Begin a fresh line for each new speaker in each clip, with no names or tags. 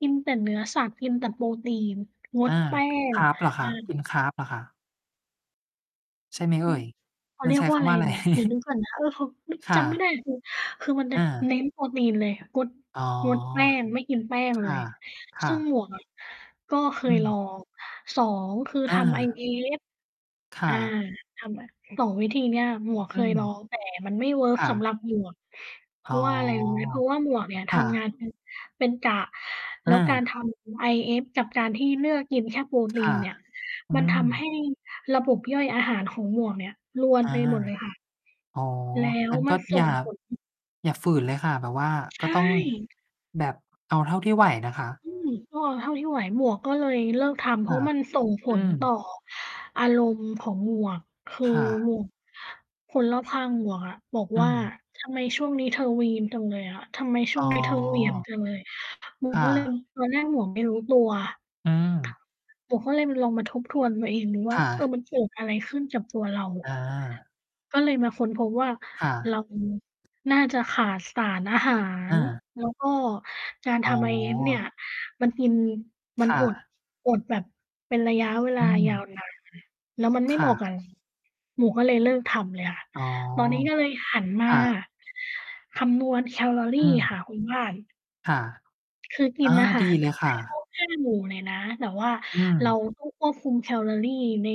กินแต่เนื้อสัตว์ กินแต่โปรตีน ง
อ
ด
า
แป้ง
Carb
เอ
เหรอคะ ก
อ
ิน Carb เหรอคะ? ใช่ไหมเอ
อ
่
ือ
ย
เขา
มั
เ
น
รี
ใ
ย
ช
ก
้
ว่
ค
าอะ
ำ
ไร
ว่าอะไร?
อือ เดี๋ยวนึกก่อนนะ เออ เขา อ
ค่
จำไม่ไ
ะ
ด้คือ คือมันจะ
อา
เน้นโปรตีนเลย งด
อ๋อ
งด แป้งไม่กินแป้ง
ค
เล
่ะ
ย
ค่
ซึ่ง
ะ
หมวกอะ ก็เค
อื
ยลอ
ม
ง 2 คือ
อ
ทำ
า
IF
ค
อ
่
่า
ะ
ทำแบบ 2 วิธีนี้อะ หมวก
อ
เ
ื
คยล
ม
อง แต่มันไม่เวิร์ก
ค่
สำหร
ะ
ับ หมวก เพ
อ๋
รา
อ
ะว่าอะไร รู้ไหม เพราะว่าหมวกเนี่ย
ค
ท
่
ำงา
ะ
นเป็น เป็นกะ แ
อ
ล้วการ
า
ทำ IF กับการที่เลือกกินแค่ โปร
ค
ตี
่
น
ะ
เนี่ย
อื
มันทำให
ม
้ระบบย่อยอาหารของหมวกเนี่ยรว
อ
น
า
ไปหมดเลยค่ะ
อ๋อ
แล้ว
งั้น
ม
ก
ั
็
นส่
อย่า
ง ผล
อย่าฝืนเลยค่ะ แบบว่า
ใช
ก็ต้อง
่
แบบเอาเท่าที่ไหวนะคะ
อืม ก็เท่าที่ไหว หมวกก็เลยเลิกทำ เ
ค
พรา
่
ะ
ะ
มันส่งผ
อื
ลต่อ
ม
อารมณ์ของหมวก คือ
ค่ะ
หมวก คนรอบข้างหมวกอะบอก
อื
ว่า
อ
"ทำไมช่วงนี้เธอวีนจังเลยอะ ทำไมช่
อ๋
วง
อ
นี้เธอ เหวี่ยงจังเลย" หมว
ค
ก
่
ก็เลย
ะ
ตอนแรกหมวกไม่รู้ตัว
อืม
หมวกก็เลยลองมาทบทวนตัวเองดู
ค
ว่า
่
เออ
ะ
มันเกิดอะไรขึ้น กับตัวเรา
อา
ก็เลยมาค้นพบว่า
ค่
เร
ะ
า น่าจะขาดสารอาหา
อ
ร
า
แล้วก็การ
อ๋
ท
อ
ำ IF เนี่ยมันกิน ม
ค
ัน
่
อด
ะ
อดแบบเป็นระยะเว
อ
ลา
ื
ยาว
ม
นาน แล้วมันไม
ค
่เห
่
มาะก
ะ
ับ เรา หมวกก็เลยเลิกทำเลยค่ะ
อ๋อ
ตอนนี้ก็เลยหันม
ค
า
่ะ
คำนวณแคลอร
อ
ี
ื
ค
ม
่ะ คุณบ้าน
ค่ะ
คือกิ
อ
น
๋อ
อาหา
ดี
ร
เลยค
ให
่
้คร
ะ
บ 5 หมู่ เลยนะ แต่ว่า
อื
เรา
ม
ต้องควบคุมแคลอรี ใน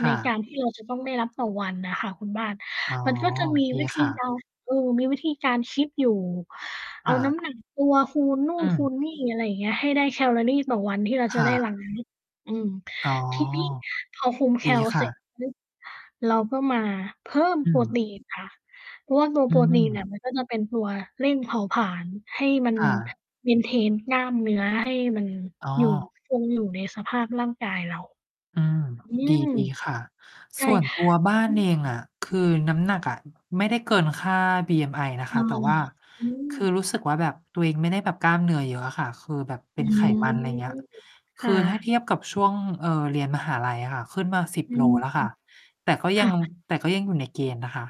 ค
ใน
่
กา
ะ
รที่เราจะต้องได้รับต่อวันน่ะค่ะคุณบ้าน
อ๋อ
มันก็จะ มี
ดี
วิธ
ค
ี
่ะ
การ เออ มีวิธีการคิดอยู่เ
ค
อา
่
น
ะ
้ำหนักตัวคูณนู่
อื
นคู
อ
ณนี่ อะไรอย่างนี้ ให้ได้แคลอรี่ต่อวันที่เรา
ค
จะ
่
ได้ รับ
ะ
อืม
อ๋อ
ทีนี้พอคุมแ
ด
ค
ี
ล
ค
เส
่
ร็จ
ะ
ปุ๊บ เราก็มาเพิ่ม
อื
โปร
ม
ตีนค่ะ เพราะว่าตัว
อื
โปรตีน
ม
อะ มันก็จะเป็นตัวเร่งเผาผลาญให้มัน
ค่ะ
Maintain กล้ามเนื้อให้มัน
อ๋
อยู่
อ
คงอยู่ในสภาพร่างกายเรา
อืม
อื
ด
ม
ี ๆ ค่ะ
ใช
ส
่
่วนตัวบ้าน
อื
เอ
ม
งอะ คือน้ำหนักอะ ไม่ได้เกินค่า BMI นะ
อ
ค
า
ะ แต่ว่า
อื
คือ
ม
รู้สึกว่าแบบตัวเองไม่ได้แบบกล้ามเนื้อเยอะอะค่ะ คือแบบเป
อ
็
ื
นไข
ม
มัน อะไรอย่างเงี้ย ค
ค่
ือถ้าเท
ะ
ียบกับ ช่วง เอ่อ เรียนมหาลัยอะค่ะ ขึ้นมา 10
อื
โล
ม
แล้วค่ะ แต่ก็
ค
ยั
่
ง
ะ
แต่ก็ยังอยู่ในเกณฑ์นะคะ